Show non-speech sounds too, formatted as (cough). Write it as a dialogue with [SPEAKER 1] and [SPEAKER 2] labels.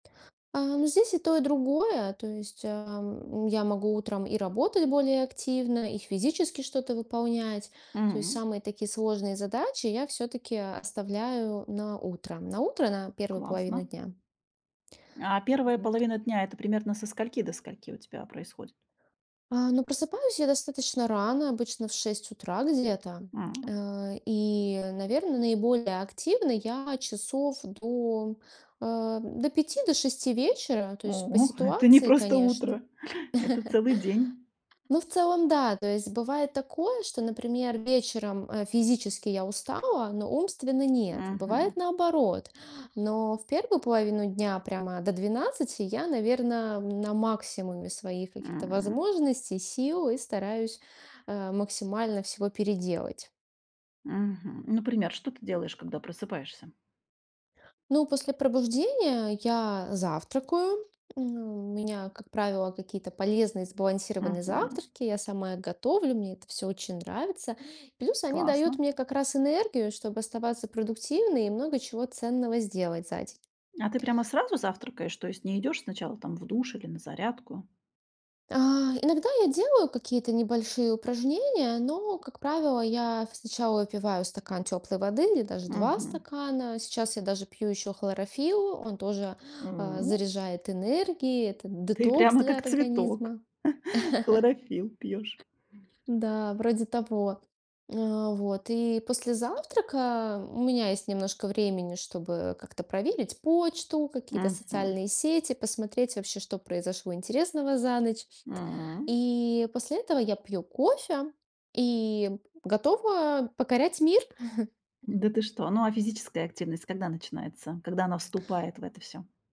[SPEAKER 1] А. Ну, здесь и то, и другое. То есть, ам, я могу утром и работать более активно, и физически что-то выполнять. То есть
[SPEAKER 2] М.
[SPEAKER 1] самые такие сложные задачи я всё-таки оставляю на утро. На утро, на первую половину
[SPEAKER 2] Классно.
[SPEAKER 1] дня.
[SPEAKER 2] А первая
[SPEAKER 1] Вот.
[SPEAKER 2] половина дня- это примерно со скольки до скольки у тебя происходит?
[SPEAKER 1] А, но просыпаюсь я достаточно рано, обычно в 6 утра где-то.
[SPEAKER 2] М.
[SPEAKER 1] Э, и, наверно, наиболее активно я часов до, э, до 5, до 6 вечера, то
[SPEAKER 2] О,
[SPEAKER 1] есть по
[SPEAKER 2] (chuckles) это не
[SPEAKER 1] ситуации,
[SPEAKER 2] просто
[SPEAKER 1] конечно.
[SPEAKER 2] утро, это целый день.
[SPEAKER 1] (laughs) Но, в целом, да, то есть бывает такое, что, например, вечером, а, физически я устала, но умственно нет.
[SPEAKER 2] Мгм.
[SPEAKER 1] Бывает наоборот. Но в первую половину дня, прямо до 12 я, наверно, на максимуме своих каких-то
[SPEAKER 2] М.
[SPEAKER 1] возможностей, сил и стараюсь, а, максимально всего переделать.
[SPEAKER 2] Мгм. Например, что ты делаешь, когда просыпаешься?
[SPEAKER 1] Ну, после пробуждения я завтракаю. У меня, как правило, какие-то полезные сбалансированные
[SPEAKER 2] Мгм.
[SPEAKER 1] завтраки. Я сама их готовлю, мне это всё очень нравится. Плюс они дают
[SPEAKER 2] Классно.
[SPEAKER 1] мне как раз энергию, чтоб оставаться продуктивной и много чего ценного сделать за день.
[SPEAKER 2] А ты прямо сразу завтракаешь, то есть не идешь сначала, там, в душ или на зарядку?
[SPEAKER 1] А, иногда я делаю какие-то небольшие упражнения, но, как правило, я сначала выпиваю стакан теплой воды или даже 2
[SPEAKER 2] Мгм.
[SPEAKER 1] стакана. Сейчас я даже пью ещё хлорофилл, он тоже, а,
[SPEAKER 2] М.
[SPEAKER 1] заряжает энергией, это
[SPEAKER 2] Ты
[SPEAKER 1] детокс
[SPEAKER 2] прямо
[SPEAKER 1] для
[SPEAKER 2] как цветок,
[SPEAKER 1] организма.
[SPEAKER 2] хлорофилл пьёшь.
[SPEAKER 1] (chuckles) Да, вроде того. Э, вот. И после завтрака у меня есть немножко времени, чтобы как-то проверить почту, какие-то
[SPEAKER 2] Мгм.
[SPEAKER 1] социальные сети, посмотреть вообще, что произошло интересного за ночь.
[SPEAKER 2] М.
[SPEAKER 1] И после этого я пью кофе и готова покорять мир. (chuckles)
[SPEAKER 2] Да ты что? Ну, а физическая активность когда начинается? Когда она вступает в это всё?